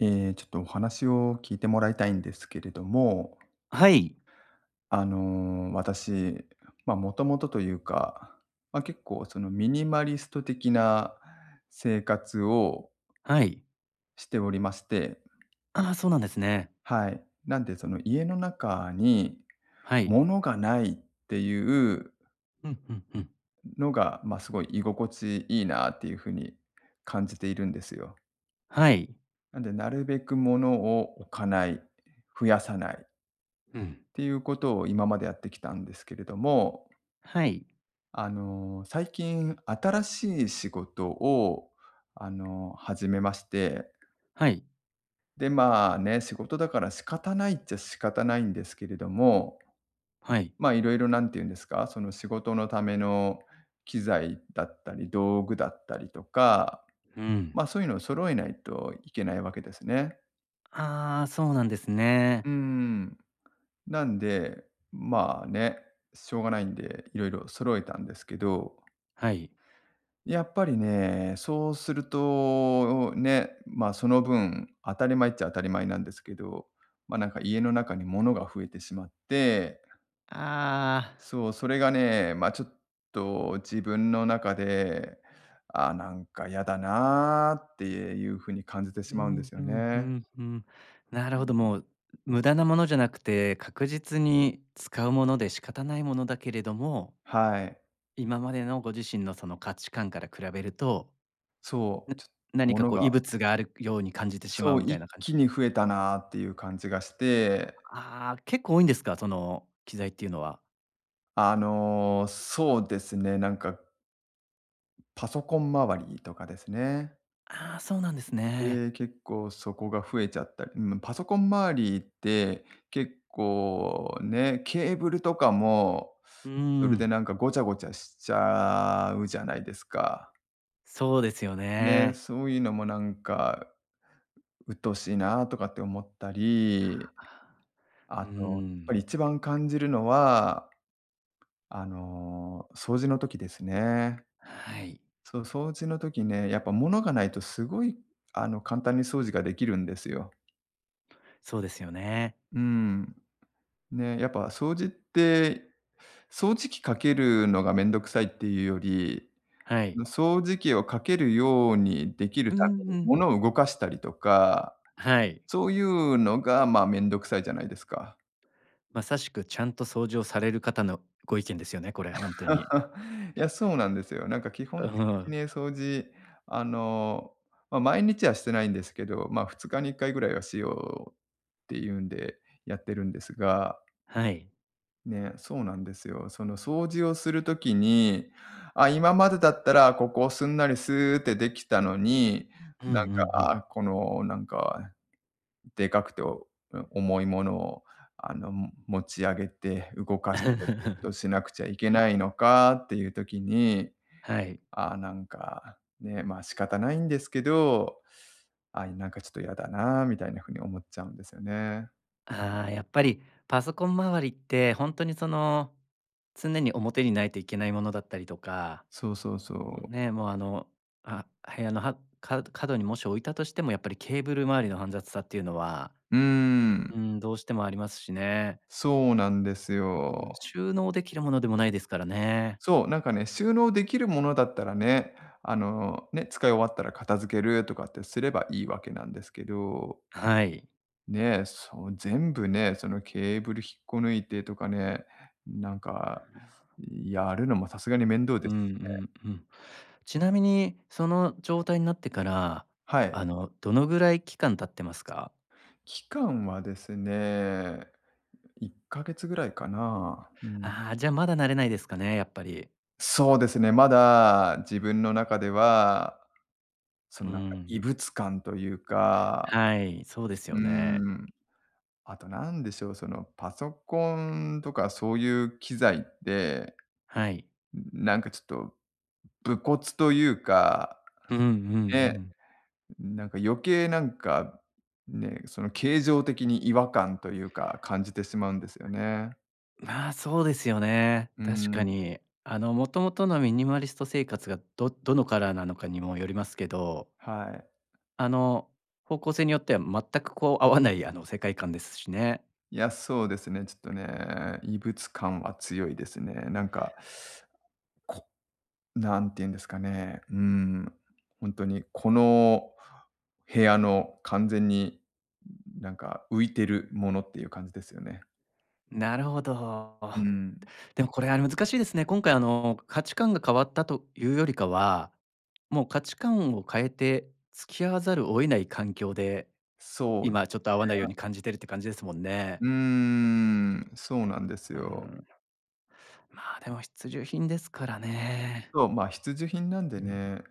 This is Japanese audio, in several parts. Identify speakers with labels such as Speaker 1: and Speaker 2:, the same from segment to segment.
Speaker 1: ええ、ちょっとお話を聞いてもらいたいんですけれども。
Speaker 2: はい。
Speaker 1: あの、私ま、もともとというか、ま、結構そのミニマリスト的な生活を
Speaker 2: はい。
Speaker 1: しておりまして。
Speaker 2: ああ、そうなんですね。
Speaker 1: はい。なんでその家の中に
Speaker 2: はい。
Speaker 1: 物がないっていう
Speaker 2: うんうんうん。
Speaker 1: のが、ま、すごい居心地いいなっていうふうに感じているんですよ。
Speaker 2: はい。
Speaker 1: なんでなるべく物を置かない、増やさない。
Speaker 2: うん。
Speaker 1: ていうことを今までやってきたんですけれども。
Speaker 2: はい。
Speaker 1: あの、最近新しい仕事を、あの、始めまして。
Speaker 2: はい。
Speaker 1: でまあね、仕事だから仕方ないっちゃ仕方ないんですけれども、
Speaker 2: はい。
Speaker 1: まいろいろ何て言うんですか、その仕事のための機材だったり道具だったりとか、
Speaker 2: うん。
Speaker 1: まそういうのを揃えないといけないわけですね。
Speaker 2: ああ、そうなんですね。
Speaker 1: うーん、なんで、ん、まあね、しょうがないんで色々、揃えたんですけど。
Speaker 2: はい。
Speaker 1: やっぱりね、そうすると、お、ね、ん、まあ、その分当たり前っちゃ当たり前なんですけど、ま、なんか家の中に物が増えてしまって
Speaker 2: ああ。
Speaker 1: そう、それがね、ま、ちょっと自分の中で、「あ、なんか嫌だな」っていうふうに感じて
Speaker 2: う
Speaker 1: しまうんで
Speaker 2: ん、
Speaker 1: す
Speaker 2: ふ
Speaker 1: よ
Speaker 2: んふ
Speaker 1: ね。
Speaker 2: んふん。なる
Speaker 1: う
Speaker 2: ほど、
Speaker 1: うん。
Speaker 2: もう、う無駄なものじゃなくて、確実に使うもので仕方ないものだけれども
Speaker 1: はい。
Speaker 2: 今までのご自身のその価値観から比べると、
Speaker 1: そ
Speaker 2: うん、
Speaker 1: う、ちょ
Speaker 2: 何
Speaker 1: も
Speaker 2: か
Speaker 1: の
Speaker 2: こう
Speaker 1: が
Speaker 2: 異物があるくように感じて
Speaker 1: う
Speaker 2: しま
Speaker 1: そ
Speaker 2: う
Speaker 1: う、
Speaker 2: みたい
Speaker 1: 一
Speaker 2: な感じで。
Speaker 1: 気に増えたなっていう感じがして
Speaker 2: ああああ、結構多いんですか、その、機材っていうのは。
Speaker 1: あの、そうですね、なんかパソコン周りとかですね。
Speaker 2: ああ、そうなんですね。
Speaker 1: で、結構そこが増えちゃったり、うむ、パソコン周りって結構ね、ケーブルとかも
Speaker 2: うー
Speaker 1: それで
Speaker 2: ん。
Speaker 1: なんかごちゃごちゃしちゃうじゃないですか。
Speaker 2: そうですよ
Speaker 1: ね、
Speaker 2: ね。
Speaker 1: そういうのもなんか、うっとおしいなあとかって思ったり。
Speaker 2: ふ
Speaker 1: あ
Speaker 2: ー
Speaker 1: と、っぱり
Speaker 2: ん。
Speaker 1: 一番感じるのは、あの、掃除の時ですね。
Speaker 2: はい。
Speaker 1: そう、掃除の時ね、やっぱ物がないとすごいあの簡単に掃除ができるんですよ。
Speaker 2: そうですよね。
Speaker 1: うーん。ね、やっぱ掃除って、掃除機かけるのが面倒くさいっていうより、
Speaker 2: はい。
Speaker 1: 掃除機をかけるようにできる
Speaker 2: うん
Speaker 1: ため
Speaker 2: う
Speaker 1: に、
Speaker 2: ん。
Speaker 1: 物を動かしたりとか、
Speaker 2: はい。
Speaker 1: そういうのがまあ、面倒くさいじゃないですか。
Speaker 2: まさしくちゃんと掃除をされる方のご意見ですよね、これ本当に。
Speaker 1: いや、そうなんですよ。なんか基
Speaker 2: う
Speaker 1: 本的に
Speaker 2: ん。
Speaker 1: ね、掃除、あの、ま毎日はしてないんですけど、ま2日に1回ぐらいはしようっていうんでやってるんですが
Speaker 2: はい。
Speaker 1: ね、そうなんですよ。その掃除をする時に、あ、今までだったらここをすんなりすってできたのに、
Speaker 2: うんう
Speaker 1: なん
Speaker 2: んうん。
Speaker 1: かこのなんか、でかくて重いものをあの持ち上げて動かしてっていうことをしなくちゃいけないのかっていう時に、
Speaker 2: はい。
Speaker 1: ああ、なんか、ね、まあ、仕方ないんですけど、ああ、なんかちょっと嫌だなみたいな風に思っちゃうんですよね。
Speaker 2: ああ。やっぱり、パソコン周りって、ほんとに、その、常に表にないといけないものだったりとか。
Speaker 1: そうそうそ
Speaker 2: お、
Speaker 1: う。
Speaker 2: ね、もうあの、あ、部屋のはかうと角にもし置いたとしても、やっぱりケーブル周りの煩雑さっていうのは
Speaker 1: うーん。
Speaker 2: うん、どうしても、ありますしね。
Speaker 1: そうなんですよ。
Speaker 2: んん。収納できるものでも、ないですからね。
Speaker 1: そう。なんかね、収納できるものだったらね。あの、ね。使い終わったら、片付けるとかってすれば、いいわけなんですけど
Speaker 2: あ、はい。
Speaker 1: ね。そう、全部ね、その、ケーブル引っこ抜いてとかね、なんか、やるのも、さすがに面倒
Speaker 2: うん
Speaker 1: で
Speaker 2: う
Speaker 1: すしね。
Speaker 2: ん、うふん。ちなみに、その状態になってから、
Speaker 1: はい。
Speaker 2: あの、どのぐらい期間経ってますか？
Speaker 1: 期間はですね、1か月ぐらいかな。うん。
Speaker 2: ああ、じゃ、まだ、慣れないですかね。やっぱり。
Speaker 1: そうですね。まだ、自分の中では、その
Speaker 2: う
Speaker 1: なんか、異
Speaker 2: ん。
Speaker 1: 物感というか。
Speaker 2: はい、そうです
Speaker 1: う
Speaker 2: よ
Speaker 1: ー
Speaker 2: ね。
Speaker 1: ん。あと、なんでしょう。その、パソコンとか、そういう機材って、
Speaker 2: はい。
Speaker 1: んん、なんかちょっと、ん、無骨というか、
Speaker 2: ふふん、うふん、うふ
Speaker 1: ね。
Speaker 2: ん。
Speaker 1: んん、なんか、余計なんか、ん、ね、その形状的に、違和感というか、感じてしまうんですよ
Speaker 2: は
Speaker 1: ね。
Speaker 2: い。まあ、そうですよね。
Speaker 1: うー
Speaker 2: 確か
Speaker 1: ん。
Speaker 2: に。あの、もともとのミニマリスト生活が、どどのカラーなのかにも、よりますけど
Speaker 1: はい。
Speaker 2: あの、方向性によっては、全くこう、合わない、あの、世界観ですしね。
Speaker 1: いや、そうですね。ちょっとね。異物感は強いですね。なんか こう、なんて言うんですかね。うーん。ほんとに、この部屋の、完全に、んん、なんか、浮いてるものっていう感じですよね。
Speaker 2: なるほど。
Speaker 1: うん。
Speaker 2: でもこれは難しいですね。今回あの価値観が変わったというよりかは、もう価値観を変えて付き合わざるを得ない環境で、
Speaker 1: そうで
Speaker 2: 今ちょ
Speaker 1: す
Speaker 2: っと合わないよう
Speaker 1: ね。
Speaker 2: に感じてるって感じですもんね。
Speaker 1: うーん、そうなんです
Speaker 2: う
Speaker 1: よ。
Speaker 2: ん。まあでも必需品ですからね。
Speaker 1: そう、まあ必需品なん
Speaker 2: う
Speaker 1: で
Speaker 2: ん。
Speaker 1: ね、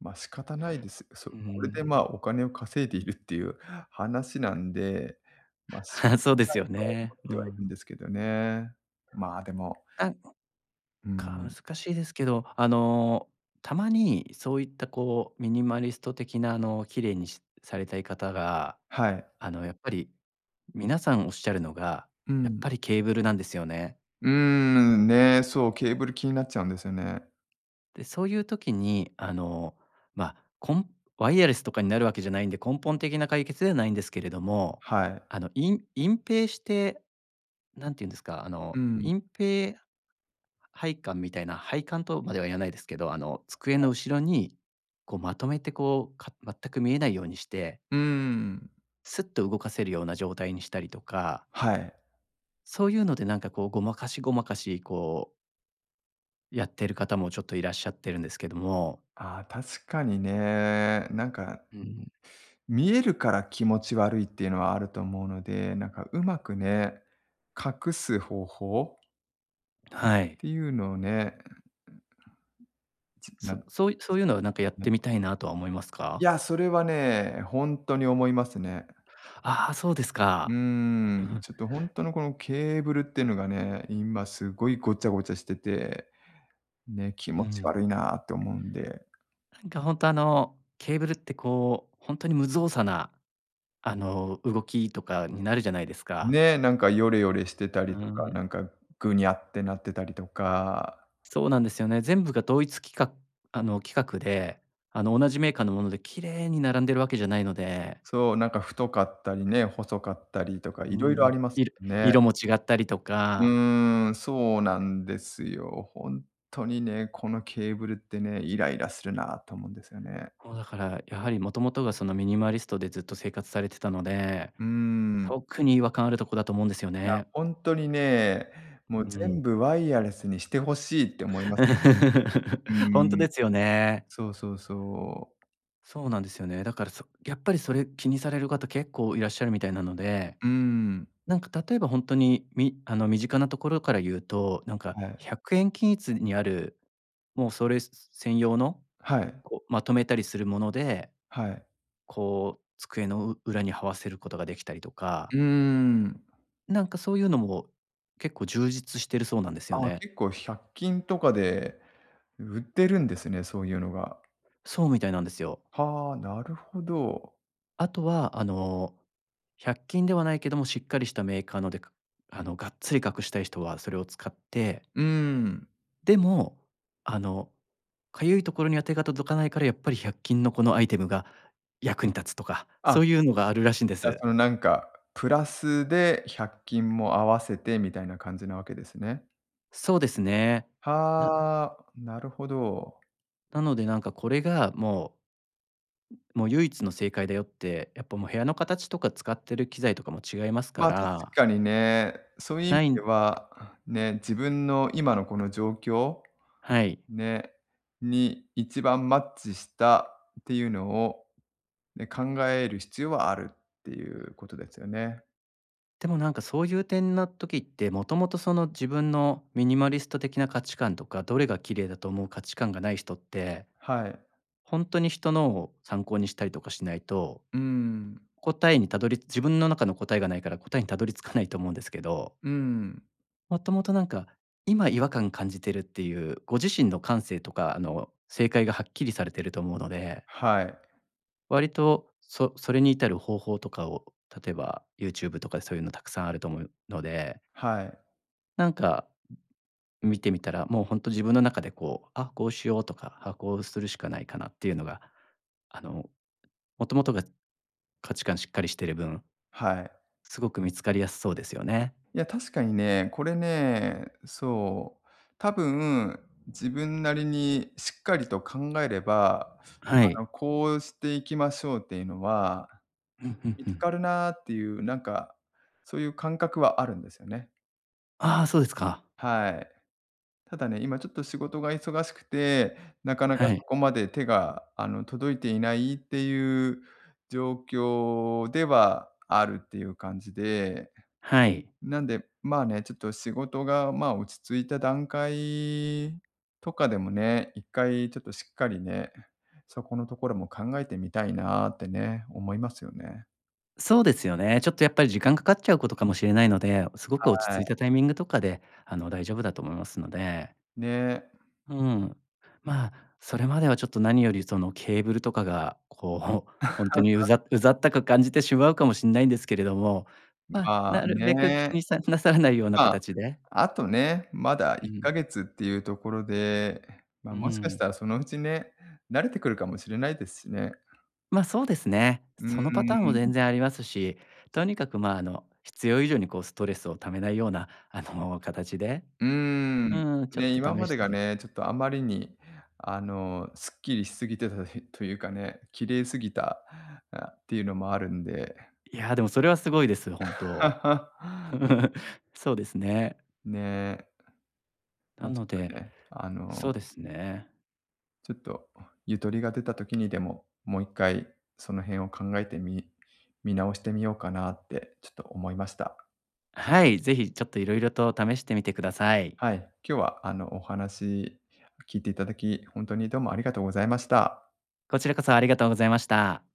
Speaker 1: ま仕方ないです。そ
Speaker 2: うー
Speaker 1: う、これでまあ、
Speaker 2: ん。
Speaker 1: お金を稼いでいるっていう話なんで、ま仕方
Speaker 2: そうで
Speaker 1: な
Speaker 2: す
Speaker 1: い
Speaker 2: よ
Speaker 1: とは思
Speaker 2: ね。
Speaker 1: っ
Speaker 2: う
Speaker 1: てはいるん
Speaker 2: ん。
Speaker 1: ですけどね。まあ、でも、
Speaker 2: あの、
Speaker 1: う
Speaker 2: か
Speaker 1: ん。
Speaker 2: 難しいですけど、あのたまにそういったこうミニマリスト的なあの綺麗にしされたい方が、
Speaker 1: はい。
Speaker 2: あのやっぱり、皆さんおっしゃるのが、
Speaker 1: う
Speaker 2: やっ
Speaker 1: ん。
Speaker 2: ぱりケーブルなんですよね。
Speaker 1: うーん、ね、そう、ケーブル気になっちゃうんですよね。
Speaker 2: で、そういう時にあのま、こんワイヤレスとかになるわけじゃないんで、根本的な解決ではないんですけれども、
Speaker 1: はい。
Speaker 2: あのいん隠蔽して、何て言うんですか、あ
Speaker 1: う
Speaker 2: の
Speaker 1: ん。
Speaker 2: 隠蔽配管みたいな配管とまでは言わないですけど、あの机
Speaker 1: は
Speaker 2: の
Speaker 1: い。
Speaker 2: 後ろにこうまとめてこうか全く見えないようにして。
Speaker 1: うーん。
Speaker 2: すっと動かせるような状態にしたりとか
Speaker 1: はい。
Speaker 2: そういうので、なんか、こう、ごまかしごまかし、こうやってる方もちょっといらっしゃってるんですけども。
Speaker 1: ああ、確かにね。なんか、
Speaker 2: うん。
Speaker 1: 見えるから気持ち悪いっていうのはあると思うので、なんか、うまくね、隠す方法
Speaker 2: はい。
Speaker 1: ていうのをね。え、うん、うん、なう
Speaker 2: そ
Speaker 1: ん、
Speaker 2: そういそ
Speaker 1: ち
Speaker 2: ういうのは、なんか、やっ
Speaker 1: なぐち ぼ
Speaker 2: てみたいなとは思います
Speaker 1: い
Speaker 2: か？
Speaker 1: や、それはね、ほんとに思いますね。
Speaker 2: ああ、そうです
Speaker 1: うー
Speaker 2: か。う
Speaker 1: ん、
Speaker 2: ん。
Speaker 1: ちょっと、ほんとの、この、ケーブルってのがね、今すごいごちゃごちゃしてて、ね、気
Speaker 2: う
Speaker 1: 持ち
Speaker 2: ん。
Speaker 1: 悪いなと思うんで。
Speaker 2: なんか、ほんと、あの、ケーブルって、こう、ほんとに無造作な、あの、動きとかになるじゃないですか。
Speaker 1: ね、なんか、ヨレヨレしてた
Speaker 2: う
Speaker 1: り
Speaker 2: ー
Speaker 1: とか、な
Speaker 2: ん。
Speaker 1: んか、ぐにゃってなってたりとか。
Speaker 2: そうなんですよね。全部が同一きかあの、規格で、あの、同じメーカーのもので綺麗に並んでるわけじゃないので。
Speaker 1: そう。なんか、太かったりね、細かったりとか
Speaker 2: うう
Speaker 1: い
Speaker 2: ー
Speaker 1: ろいろあ
Speaker 2: ん、
Speaker 1: ります。
Speaker 2: いる
Speaker 1: ね。
Speaker 2: 色も違ったりと
Speaker 1: う
Speaker 2: か。
Speaker 1: ーん、そうなんですよ。ほんっとにね、このケーブルってね、イライラするなと思うんですよね。
Speaker 2: もう、だから、やはり元々が、その、ミニマリストでずっと生活されてたので、
Speaker 1: うーん。
Speaker 2: 特に違和感あるとこだと思うんですよ
Speaker 1: いや、
Speaker 2: ね。
Speaker 1: ほんとにね、もう
Speaker 2: うん。
Speaker 1: 全部ワイヤレスにして欲しいって思います。う
Speaker 2: ほんと
Speaker 1: ーん。
Speaker 2: ですよね。
Speaker 1: そうそうそう。
Speaker 2: そうなんですよね。だからそやっぱりそれ、気にされる方結構いらっしゃるみたいなので、
Speaker 1: うーん。
Speaker 2: なんか、例えばほんとに、みあの、身近なところから言うと、なんか、
Speaker 1: は
Speaker 2: ひ
Speaker 1: い。
Speaker 2: ゃくえん均一にある、もうそれすす専用の、
Speaker 1: はい。
Speaker 2: こう、まとめたりするもので、
Speaker 1: はい。
Speaker 2: こう、机のう裏に這わせることができたりとか
Speaker 1: うーん。
Speaker 2: なんかそういうのも結構充実してるそうなんですよ
Speaker 1: ああ、
Speaker 2: ね。
Speaker 1: 結構百均とかで売ってるんですね、そういうのが。
Speaker 2: そうみたいなんですよ。
Speaker 1: はあ、なるほど。
Speaker 2: あとは、あの、百均ではないけども、しっかりしたメーカーので、かあの、がっつり隠したい人はそれを使って。
Speaker 1: うん。
Speaker 2: でも、あのかゆいところには手が届かないから、やっぱり百均のこのアイテムが役に立つとか、
Speaker 1: あ。
Speaker 2: そういうのがあるらしいんで
Speaker 1: じゃあ
Speaker 2: す。
Speaker 1: そのなんかプラスで百均も合わせてみたいな感じなわけですね。
Speaker 2: そうですね。な
Speaker 1: はあ、なるほど。
Speaker 2: なので、なんかこれがもうもう唯一の正解だよって、やっぱもう部屋の形とか使ってる機材とかも違いますか
Speaker 1: ま確
Speaker 2: ら
Speaker 1: かにね、そういう意味
Speaker 2: ない
Speaker 1: で
Speaker 2: ん
Speaker 1: はね、自分の今のこの状況、
Speaker 2: はい。
Speaker 1: ねに一番マッチしたっていうのをね、考える必要はあるっていうことですよね。
Speaker 2: でもなんかそういう点な時って、もともとその自分のミニマリスト的な価値観とか、どれが綺麗だと思う価値観がない人って、
Speaker 1: はい。
Speaker 2: ほんとに人のを参考にしたりとかしないと、
Speaker 1: うん。
Speaker 2: 答えにたどり自分の中の答えがないから答えにたどり着かないと思うんですけど。
Speaker 1: うん。
Speaker 2: もともとなんか、今違和感感じてるっていう、ご自身の感性とか、あの、正解がはっきりされてると思うので
Speaker 1: はい。
Speaker 2: 割と、そそれに至る方法とかを、例えばユーチューブとかでそういうのたくさんあると思うので
Speaker 1: はい。
Speaker 2: なんか、ん、見てみたら、もうほんと自分の中でこう、あ、こうしようとか、あ、こうするしかないかなっていうのが、あの、もともとが価値観しっかりしてる分
Speaker 1: はい。
Speaker 2: すごく見つかりやすそうですよね。
Speaker 1: いや確かにね、これね、そう、多分自分なりにしっかりと考えれば、
Speaker 2: は
Speaker 1: あ
Speaker 2: い。
Speaker 1: の、こうしていきましょうっていうのは、
Speaker 2: うん、ふん
Speaker 1: 見
Speaker 2: ふ
Speaker 1: つ
Speaker 2: ん。
Speaker 1: かるなっていうなんか、そういう感覚はあるんですよね。
Speaker 2: ああ、そうですか。
Speaker 1: はい。ただね、今ちょっと仕事が忙しくて、なかなか
Speaker 2: は
Speaker 1: そ
Speaker 2: い。
Speaker 1: こまで手が、あの、届いていないっていう状況ではあるっていう感じで、
Speaker 2: はい。
Speaker 1: なんで、まあね、ちょっと仕事がまあ、落ち着いた段階とかでもね、一回ちょっとしっかりね、そこのところも考えてみたいなってね、思いますよね。
Speaker 2: そうですよね。ちょっとやっぱり時
Speaker 1: う
Speaker 2: 間かか
Speaker 1: う
Speaker 2: っちゃうことかもしれないので、お、すごく落ち
Speaker 1: は
Speaker 2: 着い
Speaker 1: い。
Speaker 2: たタイミングとかであの、大丈夫だと思いますので。
Speaker 1: ね。
Speaker 2: うーん。まあ、それまではちょっと何よりそのケーブルとかがこう、ほんとにう ざうざったく感じてしまうかもしんないんですけれども、
Speaker 1: んん、
Speaker 2: ま、
Speaker 1: ま
Speaker 2: な
Speaker 1: あ
Speaker 2: るべく気
Speaker 1: ね。
Speaker 2: にさなさらないような
Speaker 1: まあ、
Speaker 2: 形で
Speaker 1: あとね、まだ
Speaker 2: う
Speaker 1: いっ
Speaker 2: ん。
Speaker 1: かげつっていうところで、え、
Speaker 2: う
Speaker 1: ま、
Speaker 2: ー
Speaker 1: もしかし
Speaker 2: ん。
Speaker 1: たらそのうちね、慣れてくるかもしれないですしね。
Speaker 2: ま、そうですね。
Speaker 1: うー
Speaker 2: そのパターンも
Speaker 1: ん。
Speaker 2: 全然ありますし、とにかくまあの必要以上にこうストレスを溜めないような、あの、形で。
Speaker 1: うーん、
Speaker 2: うん、ちょっ
Speaker 1: ね、
Speaker 2: と
Speaker 1: 今
Speaker 2: 試
Speaker 1: ま
Speaker 2: し
Speaker 1: で
Speaker 2: て
Speaker 1: が
Speaker 2: み
Speaker 1: ね、ちょっとあまりにあの、すっきりしすぎてとひっというかね、ん、綺麗すぎた、あ、っていうのもあるんで。う
Speaker 2: いや、でもそれはすごいです、本当。そうですね。
Speaker 1: ね。
Speaker 2: な
Speaker 1: ま、ちょ
Speaker 2: の
Speaker 1: っ
Speaker 2: で、
Speaker 1: とね、あの
Speaker 2: そうですね。
Speaker 1: ちょっとゆとりが出た時にでも、もう1回その辺を考えてみ見直してみようかなってちょっと思いました。
Speaker 2: あ、はい、是非ちょっと色々と試してみてください。
Speaker 1: はい、今日はあのお話聞いていただき、ほんとにどうもありがとうございました。
Speaker 2: こちらこそありがとうございました。